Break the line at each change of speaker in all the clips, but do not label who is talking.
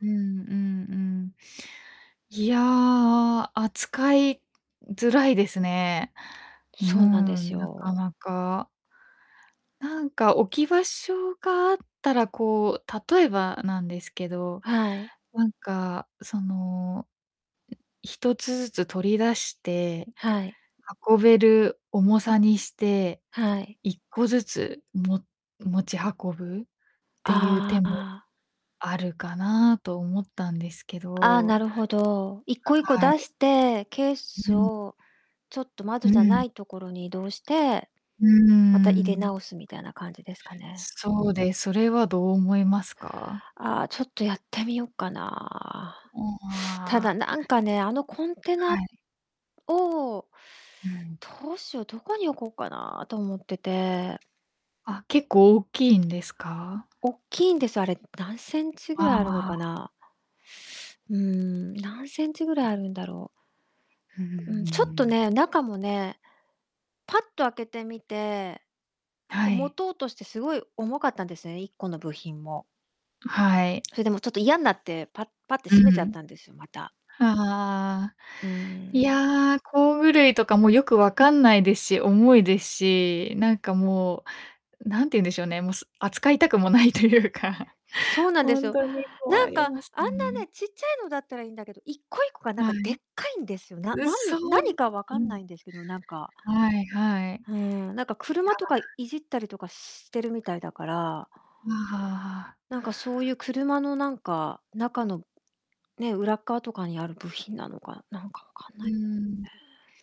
うん、うん、うん。いや、あ、扱いづらいですね。う
そうなんです
ん、なか
よ。
なか。なんか置き場所があったら、こう、例えばなんですけど、
はい。
なんかその、ん、一つずつ取り出して
はい。
運べる重さにして、
はい。
一個ずつも持ち運ぶっていう
あ
手も
あ。
あるかなと思ったんですけ
ああ、な
ど。
るほど。一個
[unintelligible]
一個
は
出
い。
して、ケース
うん。
をちょっと窓
う
じゃな
ん。
いところに移動して、
うー
また入れ
ん。
直すみたいな感じですかね？
そうで、それはどう思いますか？
ああ、ちょっとやってみよっかな。
う
ただ
わ。
なんかね、あのコンテ
は
ナ
い。
を
うん。
どうしよう、どこに置こうかなと思ってて。
あ、結構大きいんですか？
おっきいんですよ、あれ、何センチぐ
あ
らいあるのか
あ。
な。うーん、何センチぐらいあるんだろ
ふー
う。うん、うん、ちょっと
ん。
ね、中もね、パッと開けてみて、
は
こう持
い。
とうとしてすごい重かったんですよね、1個の部品も。
はい。
それでもちょっと嫌んなって、パッパッて
う
閉めちゃっ
ん。
たんですよ、また。
ああ。
うー
い
ん。
や工具類とかもよくわかんないですし、重いですし、なんかもう何て言うんでしょうね、もうす扱いたくもないというか
そうなんで
ほ
す
ん
よ。
とに困
何
り
か
ます
あん
よ
な
ね。
ね、ちっちゃいのだったらいいんだけど一個一個がなん
は
か
い。
でっかいんですよ。な
う
なん
そ、う
何
ん、
か分
う
かん
ん。
ないんですけどなんか
はいはい。い
うん、なんか
や。
車とかいじったりとかしてるみたいだから
ああ。
なんかそういう車のなんか、中の、ね、裏っかわとかにある部品なのか、なんかわかん
う
ない。
う
う
ーん。
ーん。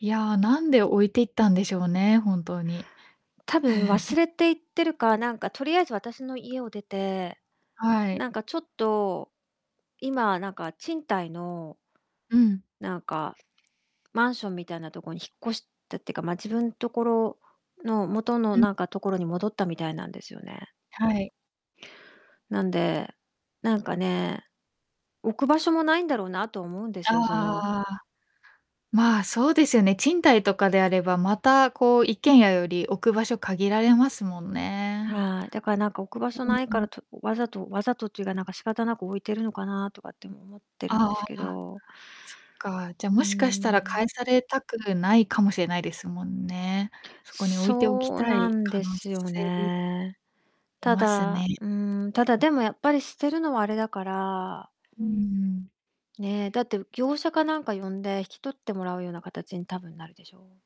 いや、なんで置いていったんでしょうね？本当に。
たぶん忘 れていってるか、何かとりあえず私の家を出て、
はい。
なんかちょっと、今なんか賃貸の
うん。
なんか、マンションみたいなとこに引っ越したってか、まあ、自分ところの元の
うん。
なんかところに戻ったみたいなんですよね。
はい。
なんで、なんかね、置く場所もないんだろうなと思うんで
ああ
すよ。その
ああああ。まあ、そうですよね。賃貸とかであれば、またこう一軒家より置く場所限られますもんね。
はい、だからなんか置く場所
うん
ない
う
から、
ん。
とわざとわざとっていうか、なんか仕方なく置いてるのかなとかっても思ってるんで
あ
すけ
あ、
ど。
そっか、じゃ、
うー
もしかしたら返
ん。
されたくないかもしれないですもんね。そこに置いておき
そう
た
な
い
ん
可
で
能
すよ
性
ね。
あり
た
ます
だ、
ね。
うーん、ただでもやっぱり捨てるのはあれだから
うん。
ねえ、だって業者かなんか呼んで引き取ってもらうような形に多分なるでしょ。